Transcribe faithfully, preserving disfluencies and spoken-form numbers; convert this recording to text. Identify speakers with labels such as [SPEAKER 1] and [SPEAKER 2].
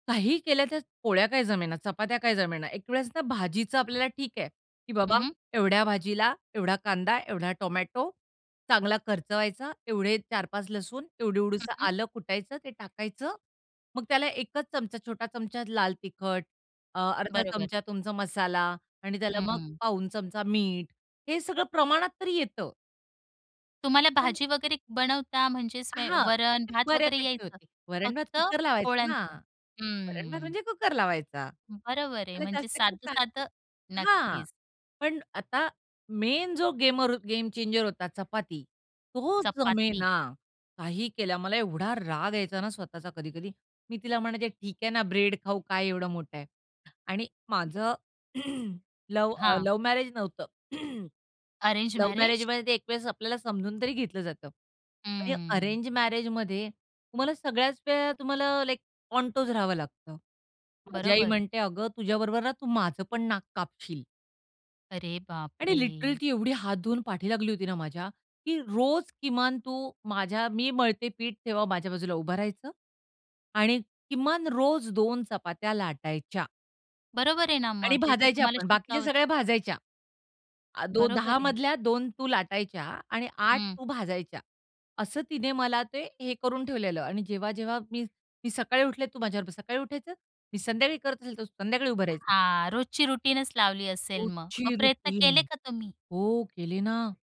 [SPEAKER 1] काहीही केल्या तर पोळ्या काय जमेना, चपात्या काय जमेना. एक वेळेस ना भाजीचं आपल्याला ठीक आहे की
[SPEAKER 2] हं,
[SPEAKER 1] बाबा
[SPEAKER 2] हं.
[SPEAKER 1] एवढ्या भाजीला एवढा कांदा, एवढा टोमॅटो, चांगला खर्च व्हायचा. एवढे चार पाच लसूण एवढी.
[SPEAKER 2] हं,
[SPEAKER 1] एवढंसं
[SPEAKER 2] हं.
[SPEAKER 1] आलं कुटायचं ते टाकायचं. मग त्याला एक च छोटा चमचा लाल तिखट अ, अर्धा
[SPEAKER 2] बरोबर.
[SPEAKER 1] चमचा तुमचा मसाला आणि त्याला मग
[SPEAKER 2] हं.
[SPEAKER 1] पाव चमचा मीठ हे सगळं प्रमाणात तरी येतं.
[SPEAKER 2] तुम्हाला
[SPEAKER 1] पण
[SPEAKER 2] भाजी वगैरे बनवता म्हणजेच
[SPEAKER 1] अ,
[SPEAKER 2] स्वै
[SPEAKER 1] हां,
[SPEAKER 2] वरण भात वगैरे
[SPEAKER 1] बऱ्यापैकी
[SPEAKER 2] यायचं,
[SPEAKER 1] होतं. वरण भात
[SPEAKER 2] फक्त
[SPEAKER 1] कुकर लावायचं ना,
[SPEAKER 2] पोळ्यांच?
[SPEAKER 1] वरण भात
[SPEAKER 2] हं.
[SPEAKER 1] म्हणजे कुकर लावायचा.
[SPEAKER 2] बरोबर आहे. म्हणजे
[SPEAKER 1] [unintelligible]
[SPEAKER 2] साधं-साधं
[SPEAKER 1] हां,
[SPEAKER 2] नक्कीच.
[SPEAKER 1] पण आता मेन जो गेमर हो गेम चेंजर होता चपाती, तो
[SPEAKER 2] चपाती.
[SPEAKER 1] जमेना काही केल्या. मला एवढा राग यायचा ना स्वतःचा कधी-कधी. मी तिला म्हणायचे ठीक आहे ना, ब्रेड खाऊ काय एवढं मोठं आहे आणि माझं लव्ह अ,
[SPEAKER 2] हां.
[SPEAKER 1] लव्ह मॅरेज नव्हतं.
[SPEAKER 2] Arrange
[SPEAKER 1] love
[SPEAKER 2] marriage?
[SPEAKER 1] मॅरेजमध्ये ते एक वेळेस आपल्याला समजून तरी घेतलं जातं आणि
[SPEAKER 2] हम्म.
[SPEAKER 1] अरेंज मॅरेजमध्ये तुम्हाला सगळ्याच वेळा तुम्हाला लाइक कॉन्टोज राहावं लागतं. माझी आई
[SPEAKER 2] बरोबर.
[SPEAKER 1] म्हणते, "अगं तुझ्याबरोबर ना तू माझं पण नाक कापशील."
[SPEAKER 2] अरे
[SPEAKER 1] आणि
[SPEAKER 2] बापरे!
[SPEAKER 1] लिटरली ती एवढी हात धुवून पाठी लागली होती ना माझ्या की रोज किमान तू माझ्या मी मळते पीठ तेव्हा माझ्या बाजूला उभं राहायचं आणि किमान रोज दोन चपात्या लाटायच्या.
[SPEAKER 2] बरोबर आहे ना
[SPEAKER 1] आणि
[SPEAKER 2] मग ते तर तुम्हाला
[SPEAKER 1] भाजायच्यापण. बाकीच्या
[SPEAKER 2] शिकावंच
[SPEAKER 1] सगळ्या भाजायच्या. अ,
[SPEAKER 2] बरोबर
[SPEAKER 1] दहा
[SPEAKER 2] आहे.
[SPEAKER 1] मधल्या दोन तू लाटायच्या आणि आठ
[SPEAKER 2] हं.
[SPEAKER 1] तू भाजायच्या असं तिने मला ते हे करून ठेवलेलं आणि जेव्हा जेव्हा मी, मी सकाळी उठले तू माझ्याबरोबर सकाळी उठायचं. मी संध्याकाळी करत असेल तर संध्याकाळी उभं राहायचं.
[SPEAKER 2] हां, रोजची रुटीनच लावली असेल मग.
[SPEAKER 1] रोजची
[SPEAKER 2] मग प्रयत्न
[SPEAKER 1] रुटीन.
[SPEAKER 2] केले का तुम्ही?
[SPEAKER 1] हो केली ना.